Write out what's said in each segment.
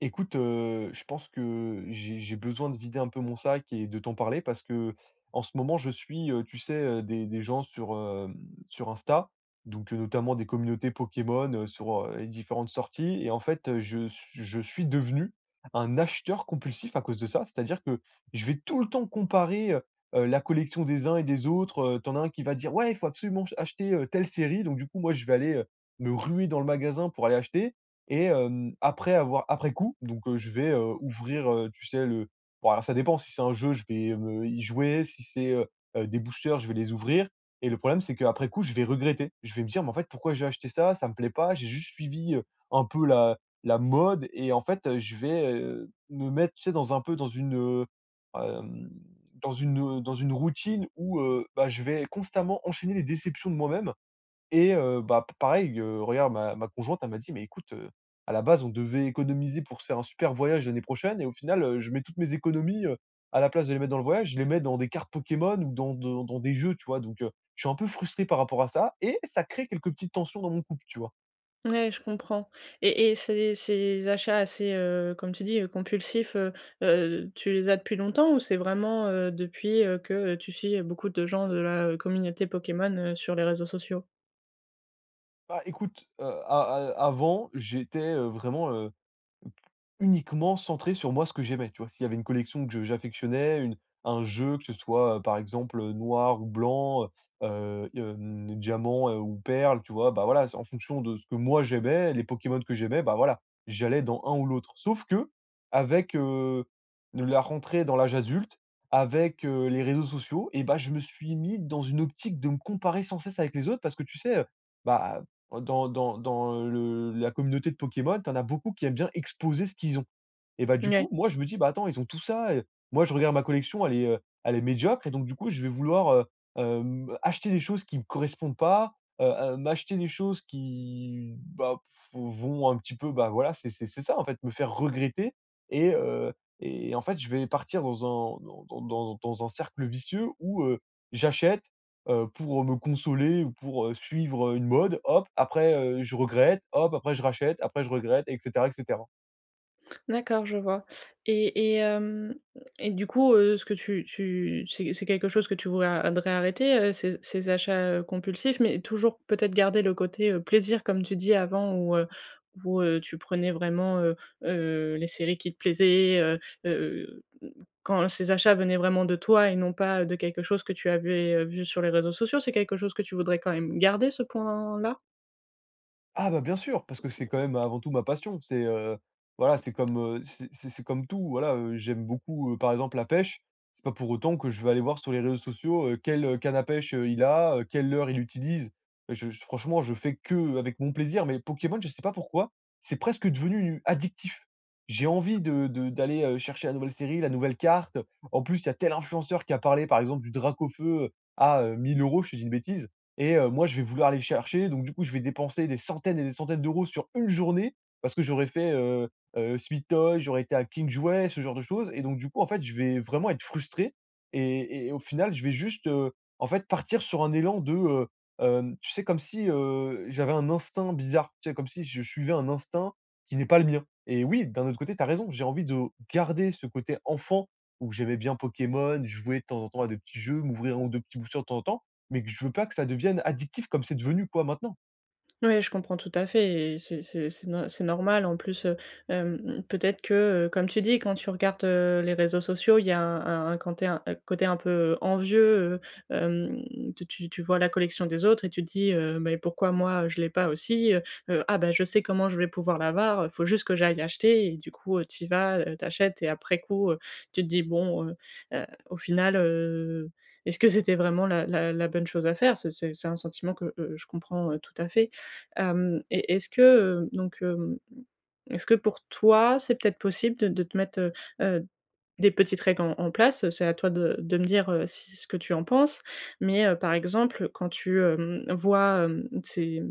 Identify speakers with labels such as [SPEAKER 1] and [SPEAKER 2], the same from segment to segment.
[SPEAKER 1] Écoute heu, je pense que j'ai j'ai besoin de vider un peu mon sac et de t'en parler. Parce qu'en ce moment, je suis heu, tu sais, heu, des des gens sur heu, sur Insta. Donc heu, notamment des communautés Pokémon heu, sur heu, les différentes sorties. Et en fait heu, je suis je suis devenu un acheteur compulsif à cause de ça. C'est-à-dire que je vais tout le temps comparer heu heu la collection des uns et des autres heu. Tu en as un qui va dire: «Ouais, il faut absolument, ch acheter heu, telle série». Donc du coup, moi, je vais aller heu, me ruer dans le magasin pour aller acheter. Et hem, après avoir après coup, donc heu, je vais heu, ouvrir heu, tu sais le bon alors ça dépend si c'est un jeu, je vais me heu, y jouer. Si c'est heu heu des boosters je vais les ouvrir. Et le problème c'est, qu'après coup, je vais regretter. Je vais me dire: «Mais en fait, pourquoi j'ai acheté ça? Ça me plaît pas». J'ai juste suivi heu, un peu la la mode et en fait heu, je vais heu, me mettre, tu sais? Dans un peu, dans une, heu, hem, dans une, hem, dans une routine où heu, bah je vais constamment enchaîner les déceptions de moi-même. Et heu, bah, pa pareil, heu, regarde ma ma conjointe elle m'a dit: «Mais écoute heu, à la base, on devait économiser pour se faire un super voyage l'année prochaine» et au final heu, je mets toutes mes économies, heu, à la place de les mettre dans le voyage, je les mets dans des cartes Pokémon ou dans de dans des jeux, tu vois? Donc heu, je suis un peu frustré par rapport à ça, et ça crée quelques petites tensions dans mon couple, tu vois?
[SPEAKER 2] Ouais, je comprends Et et ces ces ces achats assez, heu, comme tu dis, heu, compulsifs, heu, heu, tu les as depuis longtemps? Ou c'est vraiment, heu, depuis, heu, que, heu, tu suis, heu, beaucoup de gens de la, heu, communauté Pokémon, heu, sur les réseaux sociaux?
[SPEAKER 1] Bah, écoute, heu, a a avant j'étais, heu, vraiment, heu, uniquement centré sur moi, ce que j'aimais, tu vois? S'il y avait une collection que je j'affectionnais, une un jeu que ce soit, heu, par exemple, heu, noir ou blanc, heu, heu, hem, diamant, heu, ou perle, tu vois? Bah, voilà, c'est en fonction de ce que moi j'aimais, les Pokémon que j'aimais, bah, voilà. J'allais dans un ou l'autre. Sauf qu'avec, heu, de la rentrée dans l'âge adulte, avec, heu, les réseaux sociaux et bah, je me suis mis dans une optique de me comparer sans cesse avec les autres, parce que tu sais, heu? Bah, dans dans dans le la communauté de Pokémon, tu en as beaucoup qui aiment bien exposer ce qu'ils ont et bah, du
[SPEAKER 2] Ouais.
[SPEAKER 1] coup, moi je me dis: «Ben, attends, ils ont tout ça» et, moi je regarde ma collection, elle est, heu, elle est médiocre et donc du coup, je vais vouloir, heu, hem, acheter des choses qui me correspondent pas, heu, heu, m'acheter des choses qui, bah, p vont un petit peu, bah, voilà, c'est c'est c'est ça en fait me faire regretter et, heu, et en fait, je vais partir dans un dans dans dans dans un cercle vicieux où, heu, j'achète, heu, pour, heu, me consoler ou pour, heu, suivre, heu, une mode. Hop, après, heu, je regrette. Hop, après, je rachète. Après, je regrette, et cetera, et cetera.
[SPEAKER 2] D'accord, je vois. Et et hem et du coup, heu, ce que tu tu c'est c'est quelque chose que tu vous a voudrais arrêter, heu, ces ces achats, heu, compulsifs? Mais toujours, peut-être, garder le côté, heu, plaisir comme tu dis avant où, heu, où, heu, tu prenais vraiment, heu, heu, les séries qui te plaisaient, heu, heu, heu, quand ces achats venaient vraiment de toi et non pas, heu, de quelque chose que tu avais, heu, vu sur les réseaux sociaux, c'est quelque chose que tu voudrais quand même garder ce point-là?
[SPEAKER 1] Ah bah, bien sûr, parce que c'est, quand même, avant tout ma passion. C'est, heu, voilà, c'est comme, heu, c'est c'est c'est comme tout, heu, voilà, heu. J'aime beaucoup, heu, par exemple, la pêche. C'est pas pour autant que je vais aller voir sur les réseaux sociaux, heu, quelle, heu, canne à pêche heu, il a, quel leurre il utilise. Heu, je j franchement je fais qu'avec mon plaisir, mais Pokémon je sais pas pourquoi. C'est presque devenu, u addictif. J'ai envie de de d'aller, heu, chercher la nouvelle série, la nouvelle carte. En plus, il y a tel influenceur qui a parlé par exemple du Dracaufeu, heu, à, heu, 1 000€, je te dis une bêtise. Et, heu, moi je vais vouloir aller le chercher, donc du coup, je vais dépenser des centaines et des centaines d'euros sur 1 journée parce que j'aurais fait, heu, heu, Sweet Toys, j'aurais été à King Jouets, ce genre de choses. Et donc du coup, en fait, je vais vraiment être frustré et et au final je vais juste, heu, en fait, partir sur un élan de, heu, hem tu sais? Comme si, heu, j'avais un instinct bizarre, tu sais? Comme si je suivais un instinct qui n'est pas le mien. Et oui, d'un autre côté, tu as raison. J'ai envie de garder ce côté enfant où j'aimais bien Pokémon, jouer de temps en temps à des petits jeux, m'ouvrir 1 ou 2 petits boosters de temps en temps, mais que je veux pas que ça devienne addictif comme c'est devenu quoi maintenant.
[SPEAKER 2] Ouais je comprends tout à fait et c'est c'est c'est c'est nor c'est normal en plus, heu. Hem, peut-être que, comme tu dis, quand tu regardes, heu, les réseaux sociaux, il y a un un quand t'es un un coté un peu, heu, envieux, heu. Hem, tu tu tu vois la collection des autres et tu dis, heu: «Mais pourquoi moi je l'ai pas aussi, heu? Heu, ah bah, je sais comment je vais pouvoir l'avoir, heu, il faut juste que j'aille l'acheter» et du coup tu y vas, heu, tu achètes et après coup, heu, tu te dis: «Bon heu heu, au final, heu. Est ce que c'était vraiment la la la bonne chose à faire?» c'est c'est c'est un sentiment que, heu, je comprends heu, tout à fait. Hem, et est-ce que donc, hem, est-ce que pour toi c'est, peut-être, possible de de te mettre, heu, heu, des petites règles en en place? C'est à toi de de me dire, heu, ce que tu en penses. Mais, heu, par exemple, quand tu hem, vois, hem, ces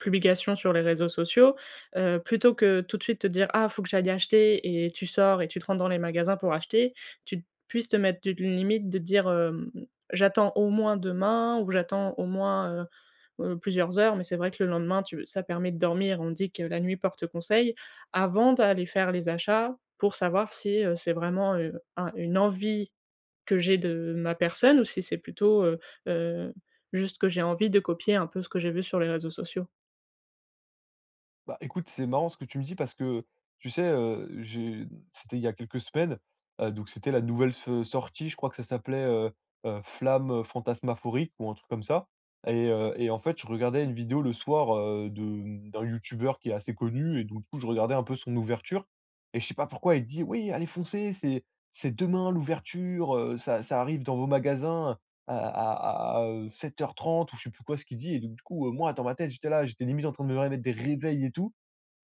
[SPEAKER 2] publications sur les réseaux sociaux. Heu, plutôt que, tout de suite, te dire: «Ah faut que j'aille acheter» et tu sors et tu te rentres dans les magasins pour acheter, tu puisses te mettre d une limite de dire, hem: «J'attends au moins demain ou j'attends au moins, heu, heu, plusieurs heures». Mais c'est vrai que le lendemain tu ça permet de dormir, on dit que la nuit porte conseil, avant d'aller faire les achats pour savoir si, heu, c'est vraiment, heu, un une envie que j'ai de ma personne ou si c'est plutôt, heu, heu, juste que j'ai envie de copier, un peu, ce que j'ai vu sur les réseaux sociaux.
[SPEAKER 1] Bah, écoute, c'est marrant ce que tu me dis, parce que tu sais, heu, j'ai c'était il y a quelques semaines, heu, donc c'était la nouvelle s sortie. Je crois que ça s'appelait, heu, heu, «Flamme» heu, «Fantasmaphorique», ou un truc comme ça et heu et en fait, je regardais une vidéo le soir, heu, de d'un youtubeur qui est assez connu et donc du coup, je regardais un peu son ouverture et je sais pas pourquoi il dit: «Oui, allez foncez! C'est c'est demain l'ouverture, heu, ça ça arrive dans vos magasins à à à à, heu, 7:30» ou je sais plus quoi ce qu'il dit et donc du coup, heu, moi dans ma tête, j'étais là, j'étais limite en train de me remettre des réveils et tout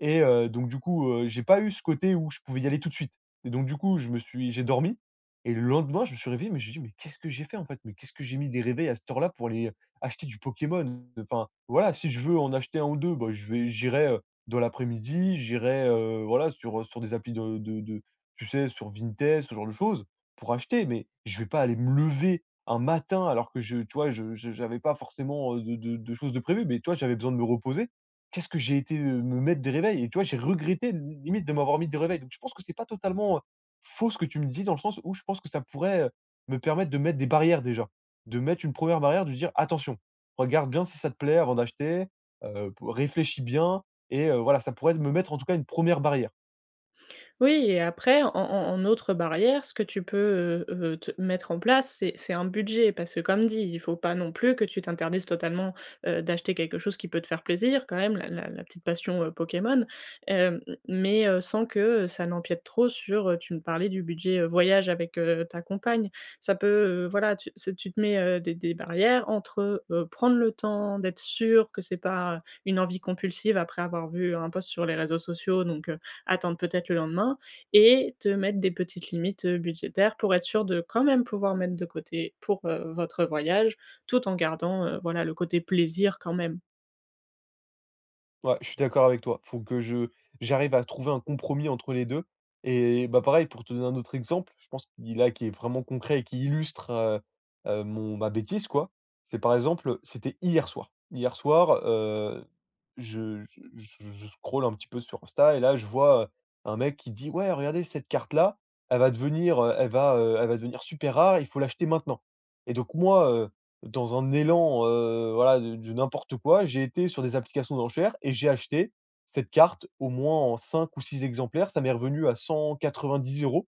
[SPEAKER 1] et heu, donc du coup, heu, j'ai pas eu ce côté où je pouvais y aller tout de suite et donc du coup, je me suis j'ai dormi et le lendemain, je me suis réveillé, mais je me suis dit: «Mais qu'est-ce que j'ai fait, en fait? Mais qu'est-ce que j'ai mis des réveils à cette heure-là pour aller acheter du Pokémon?» enfin, voilà, si je veux en acheter 1 ou 2 bah, je vais j'irai, heu, dans l'après-midi. J'irai, heu, voilà, sur, heu, sur des applis de de de tu sais sur Vinted, ce genre de choses, pour acheter. Mais je vais pas aller me lever, un matin alors que je tu vois, je j'avais pas forcément, heu, de de de choses de prévu. Mais, tu vois, j'avais besoin de me reposer. Qu'est-ce que j'ai été, heu, me mettre des réveils? Et tu vois, j'ai regretté de limite, de m'avoir mis des réveils. Donc, je pense que c'est pas totalement, heu, faux ce que tu me dis, dans le sens où je pense que ça pourrait, heu, me permettre de mettre des barrières déjà. De mettre une 1ère barrière, de dire: «Attention! Regarde bien si ça te plaît avant d'acheter, heu, p réfléchis bien» et heu, voilà, ça pourrait me mettre en tout cas une 1ère barrière.
[SPEAKER 2] Oui et après en en en autre barrière, ce que tu peux, heu, heu, te mettre en place, c'est c'est un budget. Parce que, comme dit, il faut pas, non plus, que tu t'interdises totalement, heu, d'acheter quelque chose qui peut te faire plaisir. Quand même, la la la petite passion, heu, Pokémon, heu, mais, heu, sans que, heu, ça n'empiète trop, heu, sur, heu, tu me parlais du budget, heu, voyage avec, heu, ta compagne. Ça peut, heu, voilà tu c'est tu te mets, heu, des des barrières entre, heu, heu, prendre le temps d'être sûr que c'est pas une envie compulsive, après avoir vu un post sur les réseaux sociaux donc, heu, attendre peut-être le lendemain et te mettre des petites limites, heu, budgétaires, pour être sûr de, quand même, pouvoir mettre de côté pour, heu, votre voyage tout en gardant, heu, voilà le côté plaisir quand même.
[SPEAKER 1] Ouais, je suis d'accord avec toi. Faut que je j'arrive à trouver un compromis entre les 2 et bah pareil, pour te donner un autre exemple, je pense qui, là, qui est vraiment concret et qui illustre, heu, heu, mon ma bêtise quoi. C'est par exemple, heu, c'était hier soir. Hier soir, heu, je je je je scrolle un petit peu sur Insta et là, je vois, heu, un mec qui dit: «Ouais, regardez cette carte là, elle va devenir, heu, elle va, heu, elle va devenir super rare. Il faut l'acheter maintenant» et donc, moi, heu, dans un élan, heu, voila de de n'importe quoi, j'ai été sur des applications d'enchères et j'ai acheté cette carte au moins en 5 ou 6 exemplaires. Ça m'est revenu à 190 €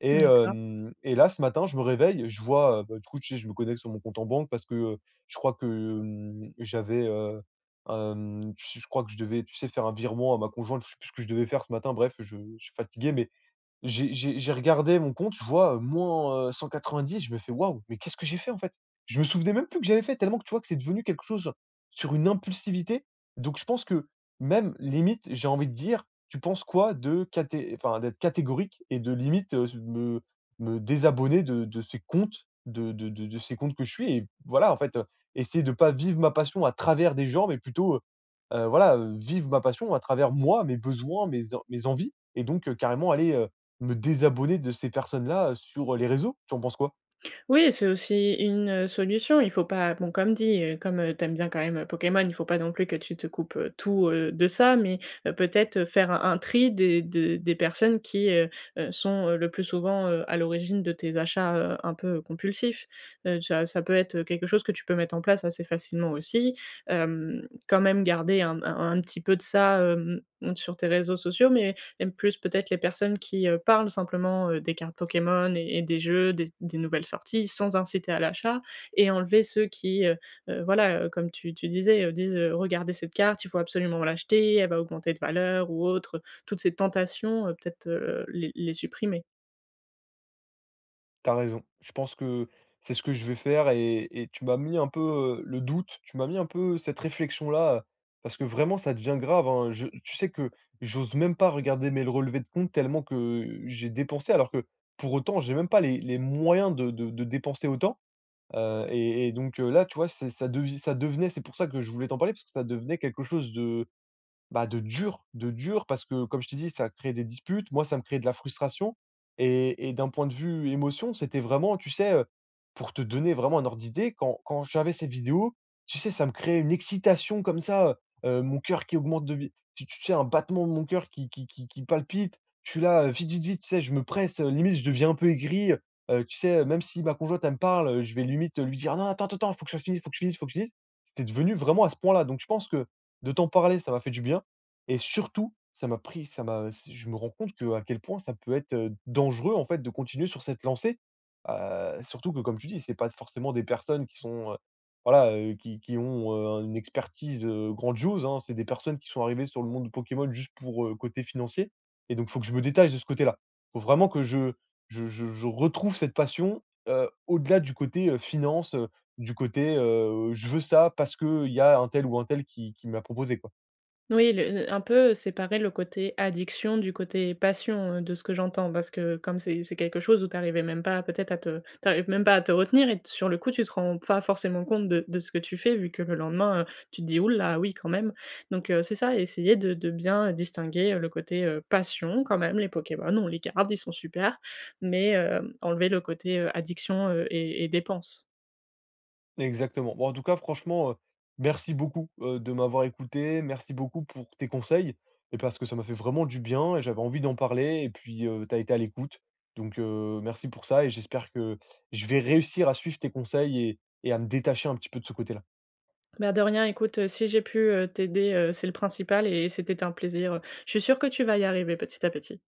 [SPEAKER 1] et
[SPEAKER 2] D'accord.
[SPEAKER 1] hem, et là, ce matin, je me réveille, je vois, heu, bah, du coup, tu sais, je me connecte sur mon compte en banque parce que, heu, je crois que, mmh, j'avais, heu, hem, tu s je crois que je devais, tu sais, faire un virement à ma conjointe, je sais plus ce que je devais faire ce matin, bref. Je je suis fatigué mais j'ai j'ai j'ai regardé mon compte, je vois, heu, moins, heu, 190, je me fais: «Waouh, mais qu'est-ce que j'ai fait, en fait?» je me souvenais même plus que j'avais fait, tellement que, tu vois, que c'est devenu quelque chose sur une impulsivité. Donc, je pense que, même, limite, j'ai envie de dire, tu penses quoi de caté enfin d'être catégorique? Et de limite, heu, me me désabonner de de ces comptes de de de de ces comptes que je suis et voilà, en fait, essayer de pas vivre ma passion à travers des gens, mais plutôt, heu, heu, voilà, heu, vivre ma passion à travers moi, mes besoins, mes en mes envies et donc, heu, carrément aller, heu, me désabonner de ces personnes-là, heu, sur les réseaux. Tu en penses quoi?
[SPEAKER 2] Oui, c'est aussi une, heu, solution. Il faut pas bon comme dit, heu, comme, heu, tu aimes bien quand même, heu, Pokémon, il faut pas non plus que tu te coupes, heu, tout, heu, de ça, mais, heu, peut-être, heu, faire un un tri des de des personnes qui, heu, heu, sont, heu, le plus souvent, heu, à l'origine de tes achats, heu, un peu compulsifs, heu, ça ça peut être, heu, quelque chose que tu peux mettre en place assez facilement aussi, hem, quand même garder un m un un petit peu de ça, hem, sur tes réseaux sociaux, mais, même plus, peut-être, les personnes qui, heu, parlent simplement, heu, des cartes Pokémon et et des jeux, des des nouvelles sorties sans inciter à l'achat et enlever ceux qui, heu, heu, voilà, heu, comme tu tu disais, heu, disent, heu,: «Regardez cette carte, il faut absolument l'acheter, elle va augmenter de valeur ou autre», heu, toutes ces tentations, heu, peut-être, heu, les les supprimer.
[SPEAKER 1] Tu as raison. Je pense que c'est ce que je vais faire et et tu m'as mis un peu, heu, le doute. Tu m'as mis un peu cette réflexion-là, heu, parce que vraiment ça devient grave hein. Je tu sais que j'ose même pas regarder, mes le relevés de compte, tellement que j'ai dépensé alors que, pour autant, j'ai même pas les les moyens de de de dépenser autant, heu et et donc, heu, là, tu vois, c'est ça devi ça devenait c'est pour ça que je voulais t'en parler, parce que ça devenait quelque chose de, bah, de dur. De dur, parce que, comme je t'ai dit, ça crée des disputes. Moi, ça me crée de la frustration et et d'un point de vue émotion, c'était vraiment, tu sais, heu, pour te donner vraiment un ordre d'idée, quand quand j'avais cette vidéo, tu sais, ça me créait une excitation comme ça, heu, heu, mon coeur qui augmente de vi tu tu sais? Un battement de mon coeur qui qui qui qui palpite. Je suis là, heu, vite vite vite, tu sais? Je me presse, heu, limite je deviens un peu aigri, heu, heu, tu sais, heu? Même si ma conjointe, elle me parle, heu, je vais limite, heu, lui dire: «Non attends ten ten faut que ça finisse, faut que je finisse, faut que je finisse» c'était devenu vraiment à ce point-là. Donc je pense que, de t'en parler, ça m'a fait du bien et surtout, ça m'a pris ça m'a, heu, je me rends compte qu'à quel point ça peut être, heu, dangereux, en fait, de continuer sur cette lancée, heu, surtout que, comme tu dis, c'est pas forcément des personnes qui sont, heu, voilà, heu, qui qui ont, heu, un une expertise, heu, grandiose hein. C'est des personnes qui sont arrivées sur le monde de Pokémon, juste pour, heu, côté financier et donc, faut que je me détache de ce côté-là. Faut vraiment que je je je je retrouve cette passion, heu, au-delà du côté, heu, finances, heu, du côté, heu,: «Je veux ça, parce qu'il y a un tel ou un tel qui qui m'a proposé quoi».
[SPEAKER 2] Oui le le un peu séparer le côté addiction du côté passion, heu, de ce que j'entends parce que comme c'est c'est quelque chose où tu arrivais même pas, peut-être, à te tu arrives même pas à te retenir et sur le coup tu te rends pas forcément compte de de ce que tu fais, vu que le lendemain, heu, tu te dis: «Ouh là, oui, quand même!» donc, heu, c'est ça, essayer de de bien, heu, distinguer, heu, le côté, heu, passion, quand même, les Pokémons ont les gardent, ils sont supers. Mais, hem, enlever le côté, heu, addiction, heu et et dépense.
[SPEAKER 1] Exactement. Bon, en tout cas, franchement, heu, merci beaucoup, heu, de m'avoir écouté. Merci beaucoup pour tes conseils et parce que ça m'a fait vraiment du bien et j'avais envie d'en parler et puis, heu, tu as été à l'écoute. Donc, heu, merci pour ça et j'espère que je vais réussir à suivre tes conseils et et à me détacher un petit peu de ce côté-là.
[SPEAKER 2] Bah de rien écoute, heu, si j'ai pu, heu, t'aider, heu, c'est le principal et c'était un plaisir, heu, je suis sûre que tu vas y arriver petit à petit.